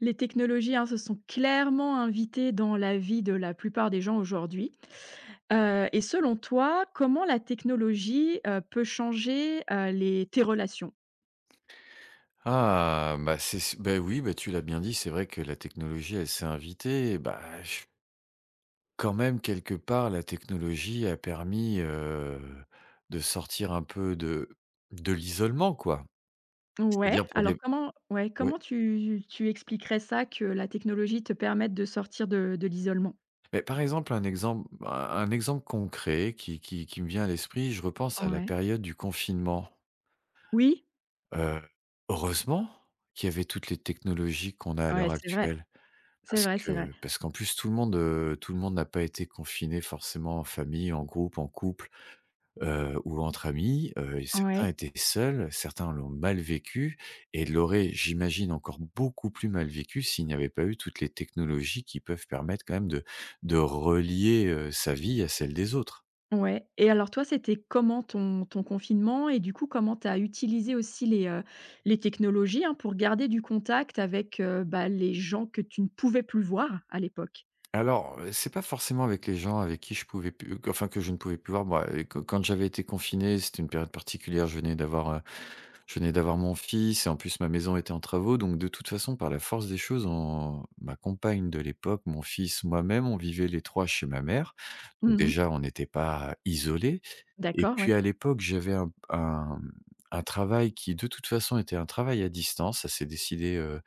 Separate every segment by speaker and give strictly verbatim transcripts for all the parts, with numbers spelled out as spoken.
Speaker 1: Les technologies, hein, se sont clairement invitées dans la vie de la plupart des gens aujourd'hui, heu et selon toi, comment la technologie heu, peut changer heu, les tes relations?
Speaker 2: Ah, ben, c'est c'est ben, oui, ben, tu l'as bien dit, c'est vrai que la technologie elle s'est invitée, ben, je Quand même quelque part la technologie a permis, heu, de sortir un peu de de l'isolement, quoi.
Speaker 1: Ouais,
Speaker 2: C'est-à-dire pour
Speaker 1: alors
Speaker 2: des
Speaker 1: comment ouais,
Speaker 2: ouais.
Speaker 1: comment tu tu expliquerais ça que la technologie te permette de sortir de de l'isolement?
Speaker 2: Mais par exemple, un exemple un un exemple concret qui qui qui me vient à l'esprit, je repense à la
Speaker 1: Ouais.
Speaker 2: période du confinement
Speaker 1: Oui.
Speaker 2: heu, heureusement, qu'il y avait toutes les technologies qu'on a à
Speaker 1: Ouais,
Speaker 2: l'heure
Speaker 1: c'est vrai.
Speaker 2: actuelle,
Speaker 1: C'est
Speaker 2: parce
Speaker 1: vrai c'est vrai.
Speaker 2: que parce qu'en plus tout le monde, heu, tout le monde n'a pas été confiné forcément en famille, en groupe, en couple, heu, ou entre amis heu et
Speaker 1: Ouais.
Speaker 2: certains étaient seuls, certains l'ont mal vécu et l'auraient, j'imagine, encore beaucoup plus mal vécu s'il n'y avait pas eu toutes les technologies qui peuvent permettre quand même de de relier, heu, sa vie à celle des autres.
Speaker 1: Ouais et alors toi c'était comment ton ton confinement et du coup comment tu as utilisé aussi les, heu, les technologies, hein, pour garder du contact avec, heu, ben, les gens que tu ne pouvais plus voir à l'époque?
Speaker 2: Alors, heu, c'est pas forcément avec les gens avec qui je pouvais pu enfin que je ne pouvais plus voir, ben, heu, que quand j'avais été confiné, c'était une période particulière, je venais d'avoir, heu, je venais d'avoir mon fils et en plus ma maison était en travaux, donc de toute façon par la force des choses, on ma compagne de l'époque, mon fils, moi-même, on vivait les trois chez ma mère,
Speaker 1: Mmh
Speaker 2: donc
Speaker 1: mh.
Speaker 2: déjà on était pas isolés et
Speaker 1: D'accord,
Speaker 2: puis
Speaker 1: ouais.
Speaker 2: à l'époque j'avais un un, mmh, un travail qui de toute façon était un travail à distance. Ça s'est décidé, heu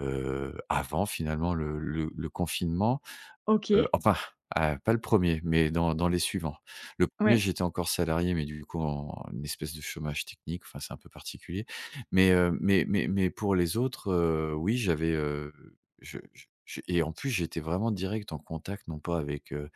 Speaker 2: heu, avant finalement le le le confinement, heu,
Speaker 1: OK.
Speaker 2: enfin, ah, pas le premier mais dans dans les suivants. Le premier,
Speaker 1: Ouais.
Speaker 2: j'étais encore salarié mais du coup, en un espèce de chômage technique, enfin, c'est un peu particulier mais heu, mais mais mais pour les autres, heu, oui, j'avais, heu, je je je et en plus j'étais vraiment direct en contact non pas avec, heu,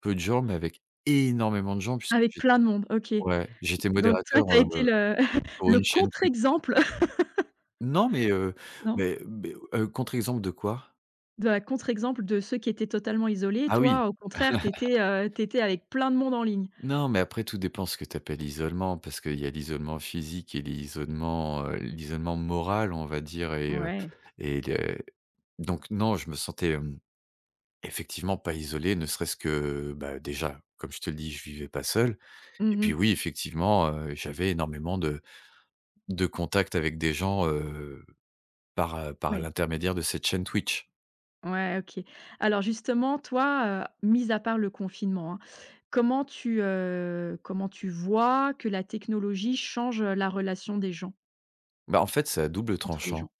Speaker 2: peu de gens mais avec énormément de gens puisque
Speaker 1: Avec
Speaker 2: j'ai
Speaker 1: plein de monde, OK,
Speaker 2: ouais, j'étais
Speaker 1: donc toi,
Speaker 2: modérateur,
Speaker 1: tu as été
Speaker 2: heu,
Speaker 1: le
Speaker 2: pour
Speaker 1: le
Speaker 2: une chaîne
Speaker 1: contre
Speaker 2: Twitch.
Speaker 1: exemple.
Speaker 2: Non, mais heu,
Speaker 1: Non?
Speaker 2: mais beh, heu, contre exemple de quoi?
Speaker 1: De la contre exemple de ceux qui étaient totalement isolés,
Speaker 2: Ah oui.
Speaker 1: toi, au contraire tu étais, heu, tu étais avec plein de monde en ligne.
Speaker 2: Non, mais après tout dépend ce que tu appelles isolement parce qu'il y a l'isolement physique et l'isolement, heu, l'isolement moral, on va dire et heu
Speaker 1: Mouais.
Speaker 2: et le donc non, je me sentais, hem, effectivement pas isolé. Ne serait-ce que, bah, déjà, comme je te le dis, je vivais pas seul et
Speaker 1: Mmh
Speaker 2: puis,
Speaker 1: mh.
Speaker 2: oui, effectivement, heu, j'avais énormément de de contact avec des gens, heu, par, heu, par
Speaker 1: Ouais.
Speaker 2: l'intermédiaire de cette chaîne Twitch.
Speaker 1: Ouais, OK. Alors justement, toi, heu, mis à part le confinement, hein, comment tu, heu, comment tu vois que la technologie change la relation des gens?
Speaker 2: Bah, en fait, c'est à double
Speaker 1: Entre les
Speaker 2: tranchant.
Speaker 1: gens.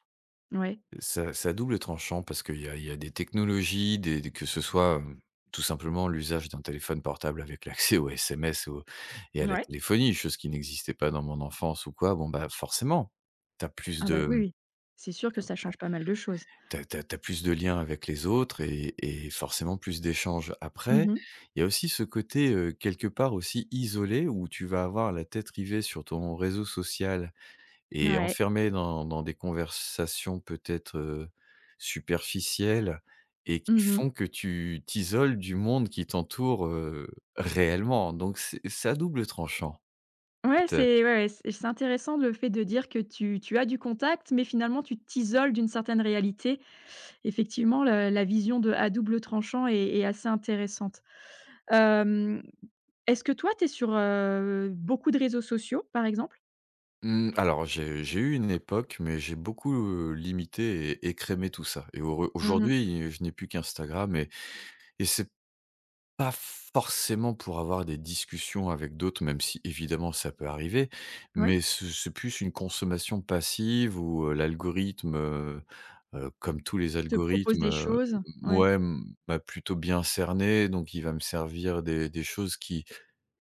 Speaker 1: Ouais.
Speaker 2: C'est à c'est à double tranchant parce qu'il y a il y a des technologies, des que ce soit, hem, tout simplement l'usage d'un téléphone portable avec l'accès aux SMS, aux et à
Speaker 1: N
Speaker 2: la
Speaker 1: ouais.
Speaker 2: téléphonie, chose qui n'existait pas dans mon enfance ou quoi, bon, bah, forcément. Tu as plus
Speaker 1: Ah, bah,
Speaker 2: de,
Speaker 1: oui,
Speaker 2: mmh,
Speaker 1: oui. C'est sûr que ça change pas mal de choses.
Speaker 2: tu as tu as tu as tu as plus de liens avec les autres et et forcément plus d'échanges.
Speaker 1: Mmh
Speaker 2: Après
Speaker 1: mh.
Speaker 2: il y a aussi ce côté, heu, quelque part aussi isolé où tu vas avoir la tête rivée sur ton réseau social et
Speaker 1: Ouais.
Speaker 2: enfermé dans dans des conversations peut-être, heu, superficielles et qui
Speaker 1: Mmh mh.
Speaker 2: font que tu t'isoles du monde qui t'entoure, heu, réellement, donc c'est c'est à double tranchant.
Speaker 1: Ouais,
Speaker 2: Te
Speaker 1: c'est ouais, ouais et c'est intéressant le fait de dire que tu tu as du contact mais, finalement, tu t'isoles d'une certaine réalité. Effectivement le la vision de à double tranchant est est assez intéressante, hem, est-ce que toi tu es sur, heu, beaucoup de réseaux sociaux, par exemple?
Speaker 2: Mmh, alors j'ai j'ai eu une époque, mais j'ai beaucoup, heu, limité et écrémé tout ça et au re
Speaker 1: Mmh mh.
Speaker 2: aujourd'hui, je n'ai plus qu'Instagram et et c'est pas forcément pour avoir des discussions avec d'autres, même si évidemment, ça peut arriver
Speaker 1: Ouais.
Speaker 2: mais ce c'est plus une consommation passive où, heu, l'algorithme, heu heu, comme tous les
Speaker 1: Te propose
Speaker 2: algorithmes,
Speaker 1: des
Speaker 2: heu,
Speaker 1: choses? Ouais.
Speaker 2: mouais, m m'a plutôt bien cerné, donc il va me servir des des choses qui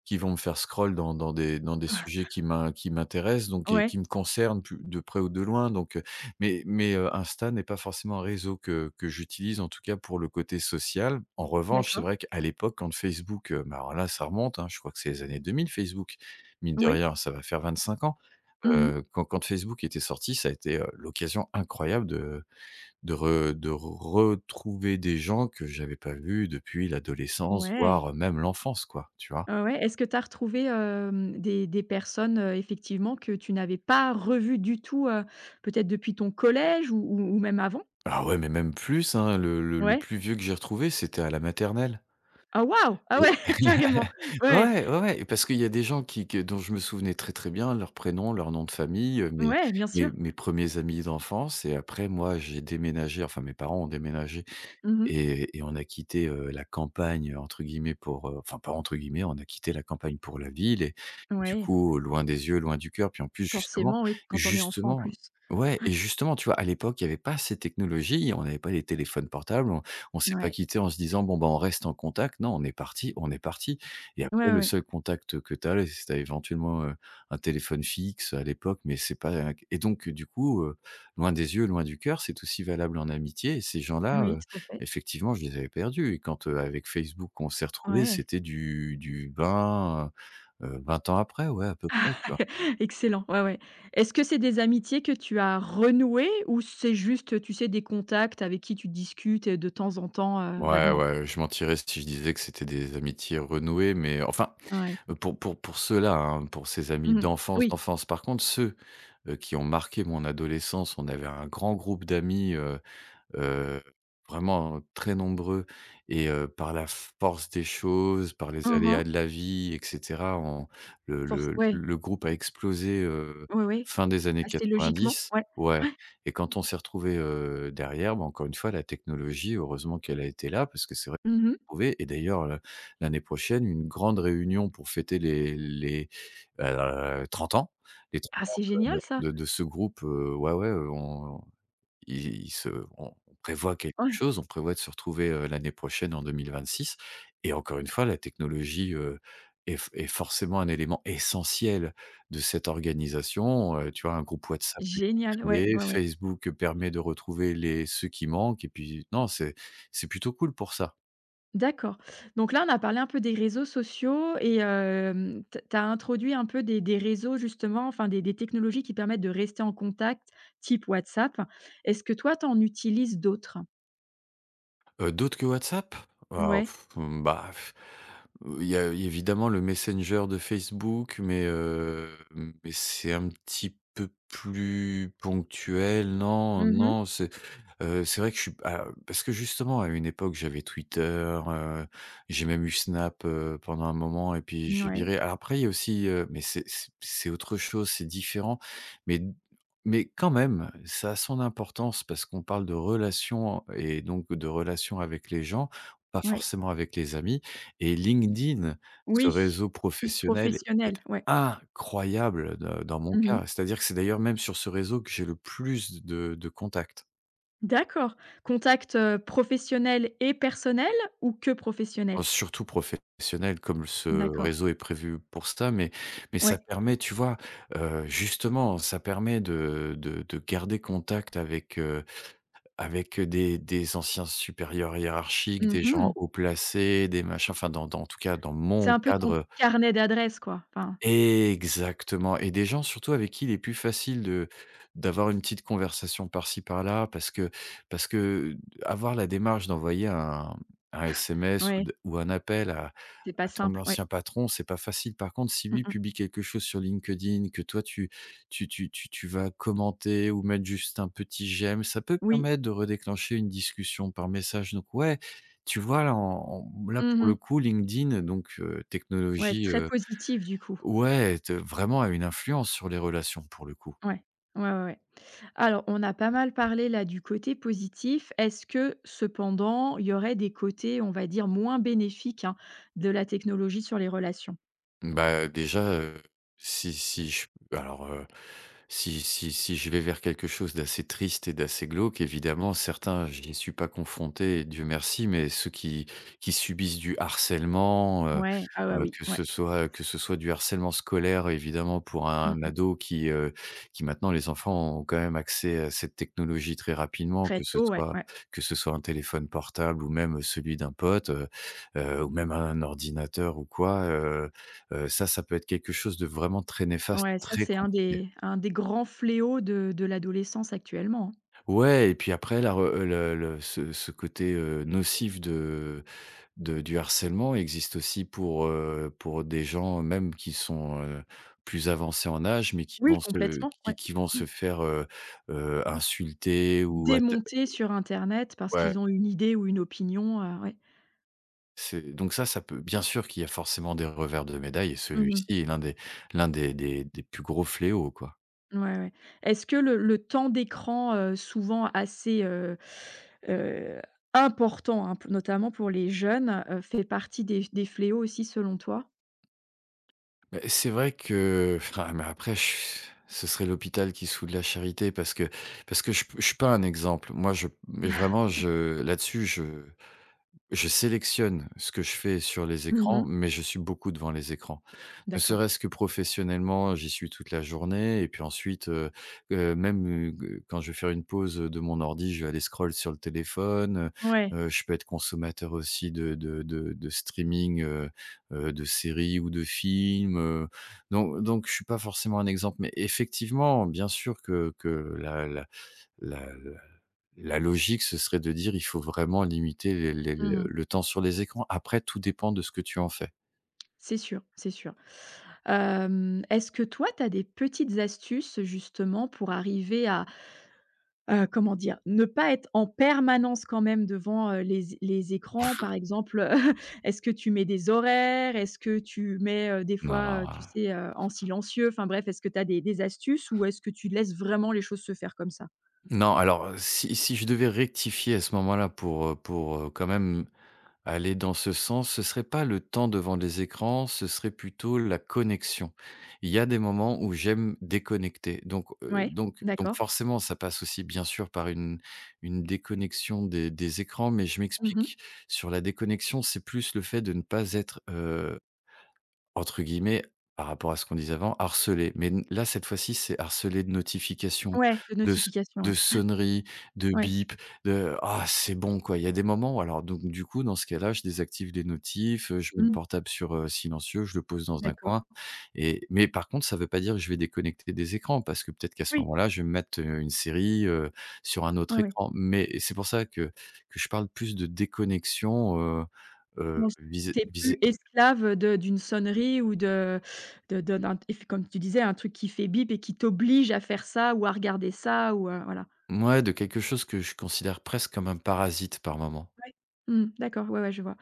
Speaker 2: qui vont me faire scroll dans dans des dans des
Speaker 1: Ah.
Speaker 2: sujets qui m'in qui m'intéressent, donc et qui
Speaker 1: Ouais.
Speaker 2: qui me concernent pu de près ou de loin, donc heu, mais mais heu, Insta n'est pas forcément un réseau que que j'utilise, en tout cas, pour le côté social, en revanche, c'est
Speaker 1: D'accord.
Speaker 2: vrai qu'à l'époque, quand Facebook, heu, ben, voilà, ça remonte, hein, je crois que c'est les années deux mille Facebook, mine de
Speaker 1: Oui.
Speaker 2: rien, ça va faire vingt-cinq ans,
Speaker 1: Mmh mh.
Speaker 2: heu, quand quand Facebook était sorti, ça a été, heu, l'occasion incroyable de de re de retrouver des gens que j'avais pas vus depuis l'adolescence,
Speaker 1: Ouais.
Speaker 2: voire même l'enfance quoi, tu vois?
Speaker 1: Heu, ouais, est-ce que tu as retrouvé, hem, des des personnes, heu, effectivement, que tu n'avais pas revues du tout, heu, peut-être depuis ton collège ou ou ou même avant?
Speaker 2: Ah ouais, mais même plus, hein, le le le
Speaker 1: Ouais.
Speaker 2: plus vieux que j'ai retrouvé, c'était à la maternelle
Speaker 1: Ah waouh! Ah ouais,
Speaker 2: et
Speaker 1: carrément. Ouais.
Speaker 2: ouais, ouais, ouais, parce qu'il y a des gens qui que dont je me souvenais très, très bien, leur prénom, leur nom de famille, heu, mes
Speaker 1: Ouais, bien
Speaker 2: mes
Speaker 1: sûr.
Speaker 2: mes premiers amis d'enfance et après, moi, j'ai déménagé enfin, mes parents ont déménagé
Speaker 1: Mmh mh.
Speaker 2: et et on a quitté, heu, «la campagne» entre guillemets pour, heu enfin, pas entre guillemets, on a quitté la campagne pour la ville et et du
Speaker 1: Ouais.
Speaker 2: coup, loin des yeux, loin du cœur, puis en plus, justement,
Speaker 1: Forcément, oui. Quand on est enfant, en
Speaker 2: justement
Speaker 1: plus.
Speaker 2: ouais
Speaker 1: Ouais.
Speaker 2: et justement, tu vois, à l'époque il y avait pas ces technologies et on avait pas les téléphones portables, on on s'est pas
Speaker 1: Mouais.
Speaker 2: quitté en se disant: «Bon, ben, on reste en contact», non, on est parti, on est parti et après,
Speaker 1: Ouais,
Speaker 2: le
Speaker 1: ouais.
Speaker 2: seul contact que tu avais, c'était éventuellement, heu, un téléphone fixe à l'époque, mais c'est pas un et donc, heu, du coup, heu, loin des yeux loin du cœur, c'est aussi valable en amitié et ces gens-là,
Speaker 1: Oui,
Speaker 2: heu,
Speaker 1: tout à fait.
Speaker 2: effectivement, je les avais perdus et quand, heu, avec Facebook, on s'est retrouvés,
Speaker 1: Ouais.
Speaker 2: c'était du du vingt, heu heu, vingt ans après, ouais, à peu près, tu vois?
Speaker 1: Excellent, ouais, ouais. Est-ce que c'est des amitiés que tu as renouées ou c'est juste, heu, tu sais, des contacts avec qui tu discutes, heu, de temps en temps, heu,
Speaker 2: Ouais,
Speaker 1: vaguement?
Speaker 2: ouais, je mentirais si je disais que c'était des amitiés renouées, mais enfin,
Speaker 1: Ouais.
Speaker 2: pour pour pour ceux-là, hein, pour ces amis
Speaker 1: Mmh mh.
Speaker 2: d'enfance,
Speaker 1: Oui.
Speaker 2: d'enfance. Par contre, ceux, heu, qui ont marqué mon adolescence, on avait un grand groupe d'amis, heu heu, vraiment, heu, très nombreux et, heu, par la force des choses, par les
Speaker 1: Mmh
Speaker 2: aléas
Speaker 1: mh.
Speaker 2: de la vie et cetera, on le
Speaker 1: Force
Speaker 2: le
Speaker 1: ouais.
Speaker 2: le groupe a explosé, heu,
Speaker 1: Oui, oui.
Speaker 2: fin des années
Speaker 1: Assez logiquement,
Speaker 2: quatre-vingt-dix,
Speaker 1: ouais.
Speaker 2: ouais
Speaker 1: Ouais.
Speaker 2: et quand on s'est retrouvés, heu, derrière, ben, encore une fois, la technologie, heureusement qu'elle a été là, parce que c'est vrai
Speaker 1: Mmh mh.
Speaker 2: trouvé et d'ailleurs, heu, l'année prochaine, une grande réunion pour fêter les les, heu, trente ans, les
Speaker 1: Ah!
Speaker 2: trente ans
Speaker 1: C'est
Speaker 2: de
Speaker 1: génial, ça!
Speaker 2: de de de ce groupe, heu, ouais, ouais, heu, on il il se on prévoit quelque
Speaker 1: Ouais.
Speaker 2: chose, on prévoit de se retrouver, heu, l'année prochaine, en deux mille vingt-six et encore une fois, la technologie, heu, est f est forcément un élément essentiel de cette organisation, heu, tu vois, un groupe WhatsApp a été
Speaker 1: Génial, ouais,
Speaker 2: créé,
Speaker 1: ouais, ouais.
Speaker 2: Facebook, heu, permet de retrouver les ceux qui manquent et puis non, c'est c'est plutôt cool pour ça.
Speaker 1: D'accord. Donc là, on a parlé un peu des réseaux sociaux et, hem, t tu as introduit un peu des des réseaux, justement, enfin, des des technologies qui permettent de rester en contact, type WhatsApp. Est-ce que, toi, tu en utilises d'autres?
Speaker 2: Heu, d'autres que WhatsApp? Oh,,
Speaker 1: Mouais.
Speaker 2: mmh, bah Heu, il y a évidemment le Messenger de Facebook, mais heu, mais c'est un petit peu plus ponctuel. Non
Speaker 1: Mmh mh.
Speaker 2: non. C'est, heu, c'est vrai que je suis pas Parce que, justement, à une époque, j'avais Twitter. Heu, j'ai même eu Snap, heu, pendant un moment, et puis j'ai
Speaker 1: Mouais.
Speaker 2: viré. Alors après, il y a aussi, heu Mais c'est c'est c'est autre chose, c'est différent. Mais d Mais quand même, ça a son importance parce qu'on parle de relations en et donc de relations avec les gens, pas
Speaker 1: Ouais.
Speaker 2: forcément avec les amis. Et LinkedIn, ce
Speaker 1: Oui.
Speaker 2: réseau
Speaker 1: Plus
Speaker 2: professionnel, est
Speaker 1: professionnel, ouais.
Speaker 2: incroyable de dans mon
Speaker 1: Mmh mh.
Speaker 2: cas. C'est-à-dire que c'est d'ailleurs même sur ce réseau que j'ai le plus de de contacts.
Speaker 1: D'accord, contact, heu, professionnel et personnel? Ou que
Speaker 2: Oh,
Speaker 1: professionnel?
Speaker 2: c'est surtout profes sionnel, comme ce
Speaker 1: D'accord.
Speaker 2: réseau est prévu pour ça. Mais mais ça
Speaker 1: Ouais.
Speaker 2: permet, tu vois, heu, justement, ça permet de de de garder contact avec, heu avec, heu, des des anciens supérieurs hiérarchiques,
Speaker 1: Mmh
Speaker 2: des gens
Speaker 1: mh.
Speaker 2: haut placés, des machins Enfin, dans dans en tout cas, dans
Speaker 1: C'est
Speaker 2: mon
Speaker 1: un peu
Speaker 2: cadre,
Speaker 1: ton
Speaker 2: heu
Speaker 1: carnet d'adresses, quoi, enfin
Speaker 2: Exactement, et des gens, surtout, avec qui il est plus facile de d'avoir une petite conversation par-ci, par-là parce que parce que, avoir la démarche d'envoyer un un SMS ou
Speaker 1: Ouais.
Speaker 2: d ou un appel à
Speaker 1: C'est pas
Speaker 2: à ton
Speaker 1: simple, ouais.
Speaker 2: ancien patron, c'est pas facile. Par contre, si
Speaker 1: Mmh
Speaker 2: lui
Speaker 1: mh.
Speaker 2: publie quelque chose sur LinkedIn, que toi, tu tu tu tu tu vas commenter ou mettre juste un petit j'aime, ça peut
Speaker 1: Oui.
Speaker 2: permettre de redéclencher une discussion par message. Donc ouais, tu vois, là, en en là, pour
Speaker 1: Mmh
Speaker 2: le
Speaker 1: mh.
Speaker 2: coup, LinkedIn, donc heu,
Speaker 1: Ouais,
Speaker 2: technologie,
Speaker 1: très
Speaker 2: heu
Speaker 1: positive, du coup.
Speaker 2: ouais, te vraiment a une influence sur les relations, pour le coup.
Speaker 1: Ouais. Ouais, ouais, ouais. Alors, on a pas mal parlé, là, du côté positif. Est-ce que, cependant, il y aurait des côtés, on va dire, moins bénéfiques, hein, de la technologie sur les relations?
Speaker 2: Mmh bah, déjà, heu, si si je Bah alors, heu, si si si je vais vers quelque chose d'assez triste et d'assez glauque, évidemment, certains, je n'y suis pas confronté et Dieu merci. Mais ceux qui qui subissent du harcèlement, heu
Speaker 1: Ouais, ah bah
Speaker 2: heu,
Speaker 1: oui,
Speaker 2: que
Speaker 1: ouais.
Speaker 2: ce soit heu, que ce soit du harcèlement scolaire, évidemment, pour
Speaker 1: Mmh
Speaker 2: un
Speaker 1: mh.
Speaker 2: ado qui, heu, qui maintenant Les enfants ont quand même accès à cette technologie très rapidement,
Speaker 1: Très
Speaker 2: que ce
Speaker 1: tôt, ouais,
Speaker 2: soit
Speaker 1: ouais.
Speaker 2: que ce soit un téléphone portable ou même celui d'un pote, heu heu, ou même un ordinateur ou quoi. Heu-heu, ça ça peut être quelque chose de vraiment très néfaste,
Speaker 1: Ouais, ça,
Speaker 2: très
Speaker 1: c'est un
Speaker 2: compliqué.
Speaker 1: des un des grands fléaux de de l'adolescence actuellement.
Speaker 2: Ouais et puis après, la re heu, le le ce ce côté, heu, nocif de de du harcèlement existe aussi pour, heu, pour des gens même qui sont, heu, plus avancés en âge, mais qui
Speaker 1: Oui,
Speaker 2: vont se
Speaker 1: complètement, ouais.
Speaker 2: qui qui vont
Speaker 1: Mmh.
Speaker 2: se faire heu, heu, insulter ou atta
Speaker 1: Démonter sur Internet parce
Speaker 2: ouais.
Speaker 1: qu'ils ont une idée ou une opinion, heu, ouais.
Speaker 2: C'est donc ça, ça peut Bien sûr qu'il y a forcément des revers de médaille, et
Speaker 1: Mmh
Speaker 2: celui-ci
Speaker 1: mh.
Speaker 2: est l'un des l'un des des des plus gros fléaux, quoi.
Speaker 1: Ouais, ouais. Est-ce que le le temps d'écran, heu, souvent assez, heu heu, important hein, notamment pour les jeunes, heu, fait partie des f des fléaux aussi selon toi?
Speaker 2: Beh, c'est vrai que enfin, mais après ce serait l'hôpital qui se fout de la charité parce que parce que je je suis pas un exemple. Moi je mais vraiment je là-dessus je je sélectionne ce que je fais sur les
Speaker 1: Mmh
Speaker 2: écrans,
Speaker 1: mh.
Speaker 2: mais je suis beaucoup devant les écrans. Ne
Speaker 1: D'accord.
Speaker 2: serait-ce que professionnellement, j'y suis toute la journée et puis ensuite, heu heu, même, heu, quand je vais faire une pause de mon ordi, je vais aller scroll sur le téléphone, heu
Speaker 1: Ouais.
Speaker 2: heu, je peux être consommateur aussi de de de de streaming, heu heu, de séries ou de films, heu, donc donc je suis pas forcément un exemple, mais effectivement, bien sûr que que la la la la la logique ce serait de dire: «Il faut vraiment limiter les les
Speaker 1: Mmh mh.
Speaker 2: le temps sur les écrans». Après, tout dépend de ce que tu en fais.
Speaker 1: C'est sûr, c'est sûr, hem, est-ce que toi tu as des petites astuces justement pour arriver à heu, comment dire? Ne pas être en permanence quand même devant, heu, les é les
Speaker 2: En
Speaker 1: écrans,
Speaker 2: fait
Speaker 1: par exemple, heu, est-ce que tu mets des horaires? Est-ce que tu mets, heu, des
Speaker 2: Non,
Speaker 1: fois, heu, tu
Speaker 2: ah!
Speaker 1: sais, heu, en silencieux? Enfin, bref, est-ce que tu as des des astuces ou est-ce que tu laisses vraiment les choses se faire comme ça?
Speaker 2: Non, alors, heu, si si je devais rectifier à ce moment-là pour, heu, pour, heu, quand même aller dans ce sens, ce serait pas le temps devant les écrans, ce serait plutôt la connexion. Il y a des moments où j'aime déconnecter, donc heu,
Speaker 1: Ouais,
Speaker 2: donc donc
Speaker 1: d'accord.
Speaker 2: forcément, ça passe aussi, bien sûr, par une une déconnexion des des écrans mais je
Speaker 1: Mmh mh.
Speaker 2: m'explique. Sur la déconnexion, c'est plus le fait de ne pas être, heu, entre guillemets, par rapport à ce qu'on disait avant, «harcelé», mais là cette fois-ci c'est harcelé de notifications,
Speaker 1: Ouais, de
Speaker 2: de s
Speaker 1: notification,
Speaker 2: de
Speaker 1: ouais,
Speaker 2: sonneries, de
Speaker 1: ouais. Ouais.
Speaker 2: bips, de: «Ah, c'est bon,
Speaker 1: [unintelligible]
Speaker 2: quoi!». Il y a des moments alors donc du coup dans ce cas-là je désactive les notifs, heu, je mets le
Speaker 1: Mmh.
Speaker 2: portable sur, heu, silencieux. Je le pose dans un
Speaker 1: D'accord.
Speaker 2: coin et mais par contre ça veut pas dire que je vais déconnecter des écrans parce que peut-être qu'à ce
Speaker 1: Oui.
Speaker 2: moment-là je vais me mettre, heu, une série, heu, sur un
Speaker 1: Ouais,
Speaker 2: autre
Speaker 1: ouais.
Speaker 2: écran, mais c'est pour ça que que je parle plus de déconnexion, heu heu,
Speaker 1: Bon.
Speaker 2: vis-à
Speaker 1: Tu es
Speaker 2: vis-à
Speaker 1: plus esclave de d'une sonnerie ou de de de d'un et comme tu disais, un truc qui fait bip et qui t'oblige à faire ça ou à regarder ça ou heu, voilà.
Speaker 2: Mouais, de quelque chose que je considère presque comme un parasite par moment.
Speaker 1: Ouais. Mmh, d'accord. Ouais, ouais, je vois.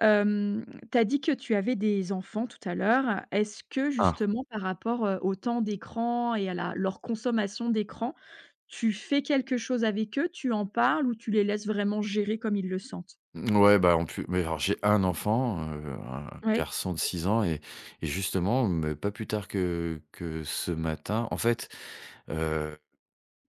Speaker 1: Hem, tu as dit que tu avais des enfants tout à l'heure. Est-ce que
Speaker 2: Ah!
Speaker 1: justement par rapport, heu, au temps d'écran et à la leur consommation d'écran, tu fais quelque chose avec eux? Tu en parles ou tu les laisses vraiment gérer comme ils le sentent?
Speaker 2: Mmh ouais, bah, en plu beh, alors j'ai un enfant, heu, un
Speaker 1: Ouais.
Speaker 2: garçon de six ans et et justement, mais pas plus tard que que ce matin en fait, heu,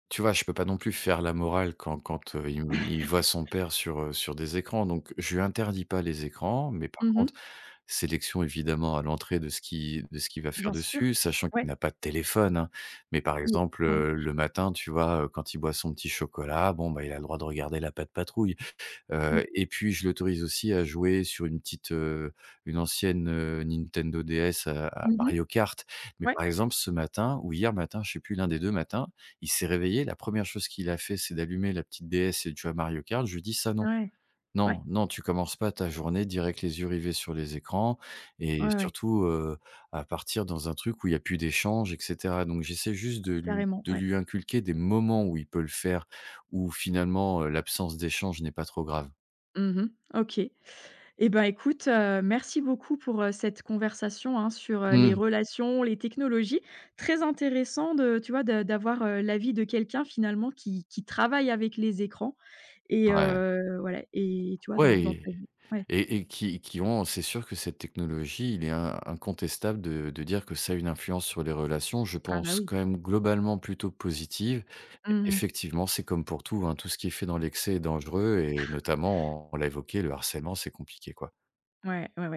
Speaker 2: tu vois? Je peux pas non plus faire la morale quand quand, heu, il me il voit son père sur, heu, sur des écrans, donc je lui interdis pas les écrans mais par
Speaker 1: Mmh
Speaker 2: contre,
Speaker 1: mh.
Speaker 2: sélection évidemment à l'entrée de ce qui de ce qu'il va faire
Speaker 1: Bien sûr.
Speaker 2: dessus, sachant
Speaker 1: Ouais.
Speaker 2: qu'il n'a pas de téléphone, hein, mais par
Speaker 1: Mmh,
Speaker 2: exemple,
Speaker 1: ouais.
Speaker 2: heu, le matin, tu vois, heu, quand il boit son petit chocolat, bon, bah, il a le droit de regarder la Pat'Patrouille,
Speaker 1: Mmh.
Speaker 2: heu et puis je l'autorise aussi à jouer sur une petite, heu, une ancienne, heu, Nintendo DS à à
Speaker 1: Mmh mh.
Speaker 2: Mario Kart, mais
Speaker 1: Ouais.
Speaker 2: par exemple, ce matin ou hier matin, je sais plus l'un des deux matins. Il s'est réveillé, la première chose qu'il a fait, c'est d'allumer la petite DS et de jouer à Mario Kart. Je lui ai dit: «Ça, non!
Speaker 1: Ouais! Ouais.
Speaker 2: Non, non, tu commences pas ta journée direct avec les yeux rivés sur les écrans» et
Speaker 1: Ouais, ouais.
Speaker 2: surtout, heu, à partir dans un truc où il y a plus d'échanges et cetera, donc j'essaie juste de lui
Speaker 1: Carrément,
Speaker 2: de
Speaker 1: ouais.
Speaker 2: lui inculquer des moments où il peut le faire, où finalement, heu, l'absence d'échanges n'est pas trop grave.
Speaker 1: Mmh mh. OK, eh ben, écoute, heu, merci beaucoup pour, heu, cette conversation, hein, sur, heu, les
Speaker 2: Mmh.
Speaker 1: relations, les technologies. Très intéressant de tu vois, de d'avoir, heu, l'avis de quelqu'un finalement qui qui travaille avec les écrans et
Speaker 2: Ouais.
Speaker 1: heu, voilà, et tu vois, dans dans
Speaker 2: Ouais,
Speaker 1: ta vie ouais.
Speaker 2: et et qui qui ont, c'est sûr que cette technologie, il est in incontestable de de dire que ça a une influence sur les relations. Je
Speaker 1: Ah, bah,
Speaker 2: pense
Speaker 1: oui.
Speaker 2: quand même globalement plutôt positive,
Speaker 1: Mmh mh.
Speaker 2: effectivement, c'est comme pour tout, hein, tout ce qui est fait dans l'excès est dangereux et notamment on l'a évoqué, le harcèlement, c'est compliqué, quoi.
Speaker 1: Ouais, ouais, ouais.